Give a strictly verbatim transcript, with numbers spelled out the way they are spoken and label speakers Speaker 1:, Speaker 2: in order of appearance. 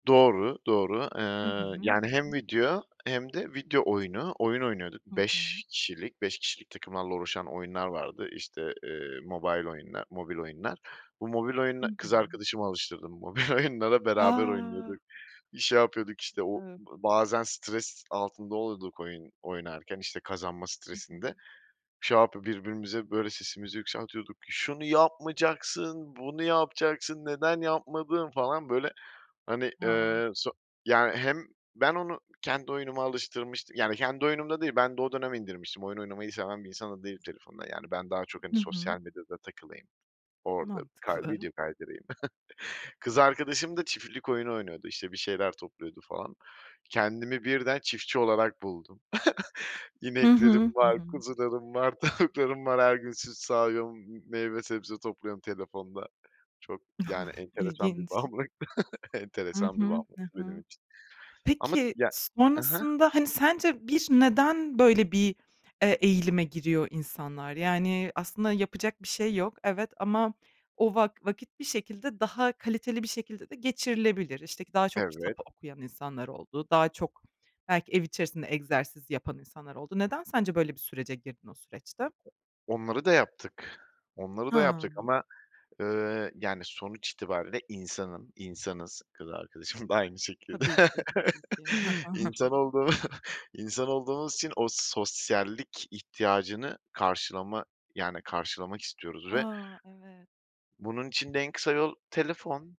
Speaker 1: Doğru, doğru.
Speaker 2: Hı
Speaker 1: Eee,
Speaker 2: hı.
Speaker 1: yani hem video hem de video oyunu. Oyun oynuyorduk
Speaker 2: Hı
Speaker 1: beş
Speaker 2: hı.
Speaker 1: kişilik, beş kişilik takımlarla oluşan oyunlar vardı. İşte, eee, mobile oyunlar, mobil oyunlar. Bu mobil
Speaker 2: Hı
Speaker 1: oyuna, kız
Speaker 2: hı.
Speaker 1: arkadaşımı alıştırdım mobil oyunlara beraber oynuyorduk.
Speaker 2: A!
Speaker 1: Şey yapıyorduk işte, o
Speaker 2: [unintelligible]
Speaker 1: bazen stres altında oluyorduk oyun oynarken, işte kazanma
Speaker 2: Hı hı.
Speaker 1: stresinde. Şey yapıp birbirimize böyle sesimizi yükseltiyorduk. "Şunu yapmayacaksın, bunu yapacaksın, neden yapmadın?" falan böyle hani,
Speaker 2: A!
Speaker 1: eee, so yani hem ben onu kendi oyunuma alıştırmıştım. Yani kendi oyunum da değil ben de o dönem indirmiştim. Oyun oynamayı seven bir insan da değilim telefonda. Yani ben daha çok hani
Speaker 2: Hı hı.
Speaker 1: sosyal medyada takılayım orada kay
Speaker 2: Mantıklı.
Speaker 1: video kaydırayım. Kız arkadaşım da çiftlik oyunu oynuyordu işte bir şeyler topluyordu falan. Kendimi birden çiftçi olarak buldum.
Speaker 2: Hı hı.
Speaker 1: İneklerim
Speaker 2: Hı
Speaker 1: var,
Speaker 2: hı.
Speaker 1: kuzularım var, tavuklarım var, her gün süt sağıyorum, m meyve sebze topluyorum telefonda. Çok, yani enteresan bir
Speaker 2: İlginç.
Speaker 1: bağımlılıktı,
Speaker 2: Hı
Speaker 1: enteresan bir
Speaker 2: hı.
Speaker 1: bağımlılık
Speaker 2: Hı
Speaker 1: benim
Speaker 2: hı.
Speaker 1: için. Ama
Speaker 2: Peki
Speaker 1: ya Hı hı.
Speaker 2: sonrasında hani, sence bir neden böyle bir, eee, eğilime giriyor insanlar? Yani aslında yapacak bir şey yok, evet ama o vak vakit bir şekilde, daha kaliteli bir şekilde de geçirilebilir. İşte k daha çok kitap
Speaker 1: Evet.
Speaker 2: okuyan insanlar oldu, daha çok belki ev içerisinde egzersiz yapan insanlar oldu. Neden sence böyle bir sürece girdin o süreçte?
Speaker 1: Onları da yaptık. Onları da
Speaker 2: Ha.
Speaker 1: yaptık ama, ııı, yani sonuç itibariyle insanım. İnsanız, kız arkadaşım da aynı şekilde.
Speaker 2: Tabii ki, tabii ki. Hı hı, hı
Speaker 1: İnsan
Speaker 2: hı.
Speaker 1: olduğumu insan olduğumuz için o sosyallik ihtiyacını karşılama yani karşılamak istiyoruz ve
Speaker 2: A, evet.
Speaker 1: bunun için de en kısa yol telefon.